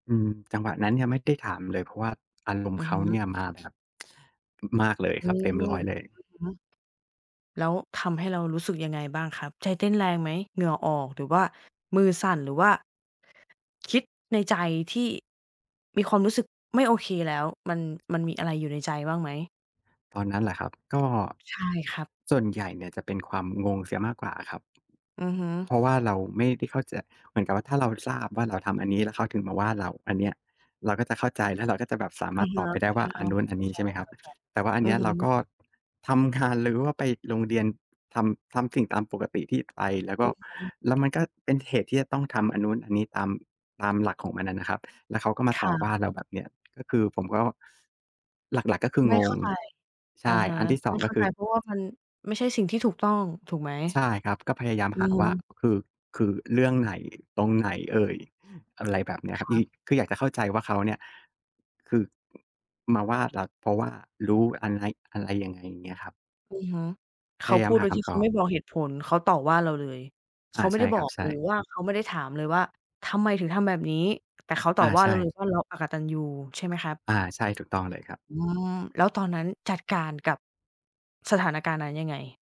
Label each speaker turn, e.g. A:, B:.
A: อืม จังหวะนั้นยังไม่ได้ถามเลย เพราะว่า อารมณ
B: อ
A: ์
B: ื
A: เ
B: อ
A: ข
B: ฮ
A: าเ
B: ึ
A: นี่ยมาแบบ มากเลย
B: อื
A: ครับ
B: ม
A: เต็
B: อ
A: ม
B: ื
A: 100 เลย
B: อฮึ แล้วทำให้เรารู้สึกยังไงบ้างครับ ใจเต้นแรงไหม? เหงื่อออก หรือว่ามือสั่น หรือว่า คิดในใจที่มีความรู้สึกไม่โอเคแล้ว มัน มันมีอะไรอยู่ในใจบ้างไหม?
A: ตอนนั้นเหรอ ครับ ก็
B: ใช่ครับ
A: ส่วนใหญ่เนี่ยจะเป็นความงงเสียมากกว่าครับ
B: อือฮึ
A: เพราะว่าเราไม่ได้เข้าใจ เหมือนกับว่าถ้าเราทราบว่าเราทำอันนี้แล้วเขาถึงมาว่าเรา อันเนี้ยเราก็จะเข้าใจ แล้วเราก็จะแบบสา
B: อ
A: ม
B: ื
A: าร
B: อ
A: ถ
B: ฮึ
A: ตอบไปได้
B: ใ
A: ว
B: ช
A: ่า
B: ่แล
A: อ
B: ้
A: ัน
B: ว
A: นู้น อั
B: เ
A: น
B: ข้า
A: นี้
B: ใจ
A: ใช่ไหมครับ แต่ว่าอั
B: ๆ
A: น
B: อื
A: เนี
B: อ
A: ้ย
B: ฮึ
A: เราก็ ทำงาน หรือว่าไปโรงเรียน ทำ ทำสิ่งตามปกติที่ไป แล้วก
B: อ
A: ็
B: ือฮึ
A: แล้วมันก็เป็นเหตุที่จะต้องทำอันนู้นอันนี้ ตาม ตามหลักของมันอะนะครับ แล้วเขาก็มา
B: ค
A: ต
B: ร
A: ่อ
B: ั
A: ว
B: บ
A: ่าเราแบบเนี้ย ก็คือผมก็ หลัก ๆ ก็คือ
B: ไม่
A: ง
B: เข้
A: ง
B: าใจ
A: ใช
B: อะ
A: ่
B: ฮะ
A: อันที่ ส
B: ไ
A: อ
B: ม
A: ง
B: ่เ
A: ก
B: ข
A: ็
B: ้า
A: ค
B: ใ
A: ื
B: จ
A: อ
B: เพราะว่ามันไม่ใช่สิ่งที่ถูกต้อง ถูกไหม?
A: ใช่ครับ ก็พยายาม
B: อื
A: หา
B: อฮ
A: ว่า
B: ึ
A: คือ คือเรื่องไหน ตรงไหนเอ่ย อะไรแบบเนี้ยคร
B: ค
A: ับ ย
B: รับ
A: คืออยากจะเข้าใจว่าเขาเนี่ย คือ มาว่าเราเพราะว่ารู้ อันใน อะไรยังไง อย่างเงี้ยครับ
B: อือฮึ เข
A: พย
B: า
A: าย
B: พ
A: า
B: ู
A: ม
B: ด
A: ห
B: โ
A: า
B: ดย
A: ค
B: ที่
A: ำ
B: เ
A: ต
B: ขา
A: อ
B: ไม่
A: บ
B: บอกเหตุผล เขาต่อว่าเราเลย เ
A: อ
B: ข
A: า
B: าไม
A: ใ
B: ่
A: ช
B: ไ
A: ่
B: ด้
A: ค
B: บ
A: ร
B: อ
A: ับ
B: ก
A: ใช
B: ห
A: ่
B: รือว่าเขาไม่ได้ถามเลยว่า "ทำไมถึงทำแบบนี้?" แต่เขาต
A: อ
B: ่
A: า
B: อว่
A: ใ
B: า
A: ช
B: เราเลย
A: ่
B: ว่าเราอกตัญญู ใช่ไหมครับ?
A: อา ใช่ ถูกต้องเลยครับ
B: อืม แล้วตอนนั้นจัดการกับสถานการณ์นั้นยังไง?